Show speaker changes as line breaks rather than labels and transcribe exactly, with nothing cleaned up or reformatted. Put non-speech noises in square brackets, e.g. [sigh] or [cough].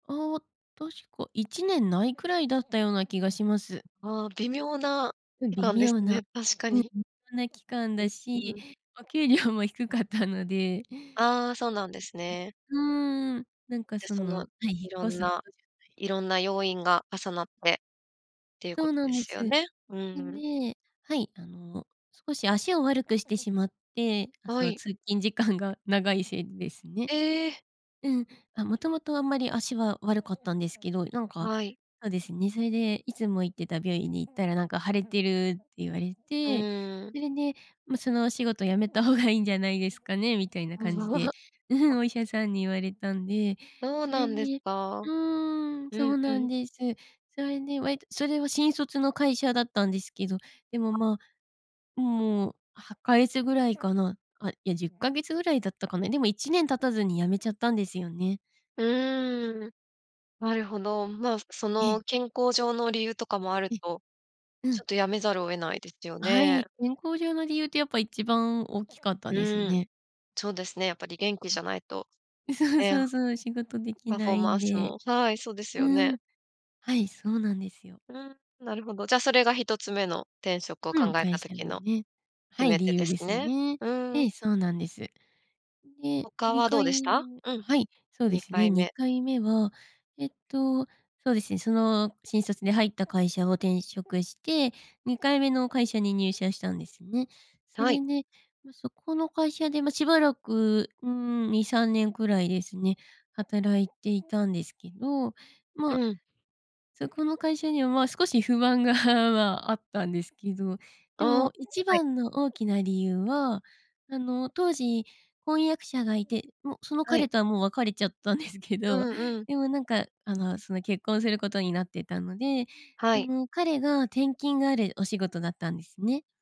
ああ、確かいちねんないくらいだったような気がします。
ん、ああ、微妙な
うん、
期
微
間です
妙な。
ね、確か
うん、
に。
そんな期間
う
だ
う
し、
ん。
お給料も低かったので。
ああ、そうなんですね。
うううーん、なんか
で、
そ
その
の引
いろ
っ越
ん
すほ
な
どじゃない
いろんな要因が重なって、っていう
そ
こ
う
と
なん
で
で
す
す。
よ
で、
ね。うん。
ねはい、あの、少し足を悪くしてしまって、あ、
は
その
い。
通勤時間が長いせいでですね。
え。
うん、あ、もともとあんまり足は悪かったんですけど、なんか、
はい。
そうですね、それでいつも行ってた病院に行ったらなんか「腫れてる」って言われ
う
て、
ーん。
それで、ま、「そのお仕事辞めた方がいいんじゃないですかね」みたいな感じで、
[unintelligible]
うふん、
、あ。
お医者さんに言われたんで、
そう
そ
な
れ
んです
で
か？
うーん、
う
そ
ん
う
う
なん
ん。
です。それで、割とそれは新卒の会社だったんですけど、でも
あ。
まあ。ん、もうはっかげつぐらいかな。あ、いやじゅっかげつぐらいだったかな。でもいちねん経たずに辞めちゃったんですよね。
うーん、なるほど、まあ、そ
え
の
え。
健康上の理由とかもある
え。
と、
う
ちょ
ん。
っとやめざるを得ないですよ
あ、は
ね。
い、健康上の理由ってやっぱ一番大きかったです
うん、
ね。
そうですね、やっぱり元気
う
じ
ん。
ゃないと、
え、そうそ
ね。
うそう、仕事で
[unintelligible]
き
パフ
な
ォー
い
マ
ん
ンス
で、
もはい、そうです
う
よね。
ん。はい、そうなんですよ。
うん、なるほど、じゃそれがひとつめの転職を
う
考
ん、
え
会
た
社
時
の
の、
ねは
決
い、
め手
理
で
由で
す
す
ね。
ね。
う
え
ん。
え、そうなんです。ん、で
他
に
は
か
どうでし
い
た？
め
うん。
はい、そうで
に
す
か
ね
い
に
め。
かいめは、えっと、そうですね、その新卒で入った会社を転職してにかいめの会社に入社したんですね。そ
はい。
れで、うそこの会社で、ま、しばらく、うーん、にさんねんくらいですね、働いていたんですけど、ま
う
あ、
ん。
そこの会社にはまあ少し不安が、あ、まあ、あったんですけど、で
ああ、
も一
はい。
番の大きな理由は、あの、当時婚約者がいて、もうその
はい。
彼とはもう別れちゃったんですけ
う
ど、
んうん。
でもなんかあのその結婚することになってたので、
は
そ
い。
の、彼が転勤があるお仕事だったんですね。